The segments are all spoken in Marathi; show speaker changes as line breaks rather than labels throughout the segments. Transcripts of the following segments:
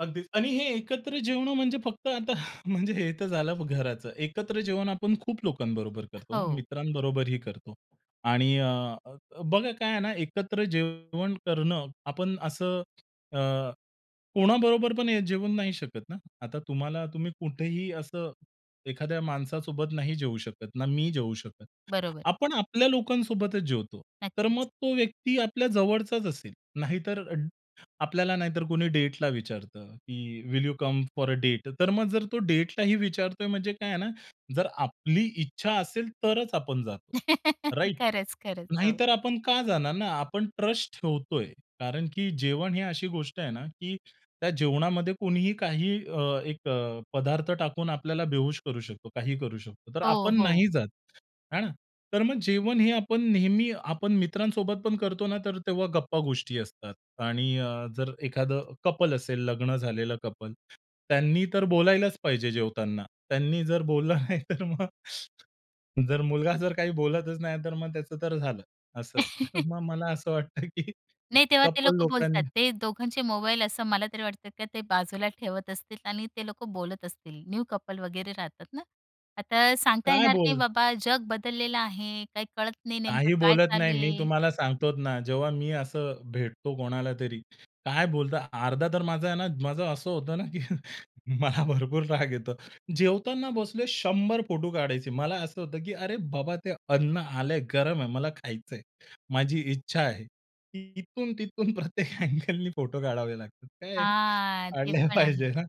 अगदीच आणि हे एकत्र जेवणं म्हणजे फक्त आता म्हणजे हे तर झालं घराचं. एकत्र जेवण आपण खूप लोकांबरोबर करतो ना,
हो.
मित्रांबरोबरही करतो. आणि अ, अ, बघा काय आहे ना, एकत्र जेवण करणं. आपण असं अ, कोणाबरोबर पण जेवून नाही शकत ना? आता तुम्हाला, तुम्ही कुठेही असं एखाद्या माणसासोबत नाही जेऊ शकत. ना मी जेऊ शकत.
बरोबर.
आपण आपल्या लोकांसोबतच जेवतो. तर मग
नक्कीच.
तो व्यक्ती आपल्या जवळचाच असेल. नाहीतर आपल्याला, नाहीतर कुणी डेटला विचारतं की, will you come for a date? तर मग, जर तो डेटला ही विचारतोय, म्हणजे काय आहे ना, जर आपली इच्छा असेल, तरच आपण जातो, राइट?
खरंच, खरंच. हो.
नाहीतर आपण का जाणार ना? आपण ट्रस्ट ठेवतोय कारण की जेवण ही अशी गोष्ट आहे ना, की त्या जेवणामध्ये कोणीही काही अ, एक अ, पदार्थ टाकून आपल्याला बेहोश करू शकतो, काहीही करू शकतो. तर
हो,
आपण
हो.
नाही जात, हां ना? तर मग जेवण हे आपण नेहमी आपण मित्रांसोबत पण करतो ना, तर तेव्हा गप्पा-गोष्टी असतात. आणि अ, जर एखादं कपल असेल, लग्न झालेलं कपल, त्यांनी तर बोलायलाच पाहिजे जेवताना. त्यांनी जर बोलला नाही तर मग जर मुलगा जर काही बोलतच नाही, तर मग त्याचं तर झालं असं. तर मग मला असं वाटतं की
नाही, तेव्हा ते
कपल
लोकं बोलतात.
लोकांनी
ते दोघांचे मोबाईल असं मला तरी वाटतं की ते बाजूला ठेवत असतील आणि ते लोकं बोलत असतील. न्यू कपल वगैरे राहतात ना, आता सांगता
काय
येणार नाही
बोल
बाबा, जग बदललेलं आहे, काही कळत नाही नेमकं
काही
काय
बोलत नाही.
चालू
मी
आहे.
तुम्हाला सांगतो ना, जेव्हा मी असं भेटतो कोणालातरी, काय बोलता अर्धा तर माझा आहे ना, माझं असं होतं ना की मला भरपूर राग येतो. जेवताना बसले, शंभर फोटो काढायचे. मला असं होतं की, "अरे बाबा, ते अन्न आलंय, गरम आहे, मला खायचंय." माझी इच्छा आहे, की इथून तिथून प्रत्येक अ‍ॅगलने फोटो काढावे लागतात. काय
हां, ते
काढले
पण आहे.
पाहिजे ना.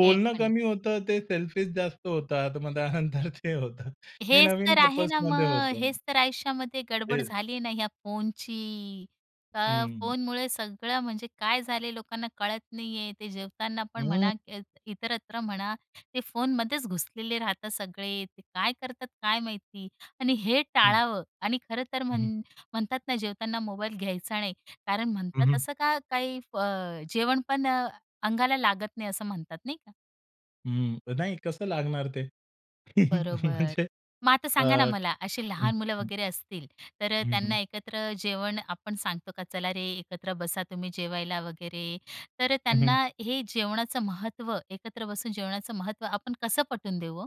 ते पण आहे.
कमी होतं, ते सेल्फीस जास्त होतात, मग त्यानंतर ते होतं. हे
हेच
नवीन
तर आहे ना
कपल्समध्ये
मग.
होतं.
हेच तर आयुष्यामध्ये गडबड
हेच.
झाली आहे ना या फोनची. तर
हं.
फोनमुळे सगळं, म्हणजे काय झाले लोकांना कळत नाही आहे. ते जेवताना पण
हं
म्हणा, इत इतरत्र म्हणा, ते फोनमध्येच घुसलेले राहतात सगळे. ते काय करतात, काय माहिती. आणि हे
हं.
टाळावं. आणि खरं तर
हं.
म्हण म्हणतात ना, जेवताना मोबाईल घ्यायचा नाही कारण
हं,
म्हणतात
हं.
असं का काही अ, जेवणपण अंगाला लागत नाही, असं म्हणतात, नाही का?
हं, नाही, कसं लागणार ते?
बरोबर,
म्हणजे,
मग आता
अ,
सांगा ना, मला
हं,
अशी लहान मुलं
हं.
वगैरे असतील, तर अ,
हं,
त्यांना
हं.
एकत्र जेवण आपण सांगतो का "चला रे, एकत्र बसा तुम्ही जेवायला" वगैरे. तर अ,
हं, हं.
त्यांना हे जेवणाचं महत्त्व, एकत्र बसून जेवणाचं महत्त्व, आपण कसं पटवून देऊ ओ?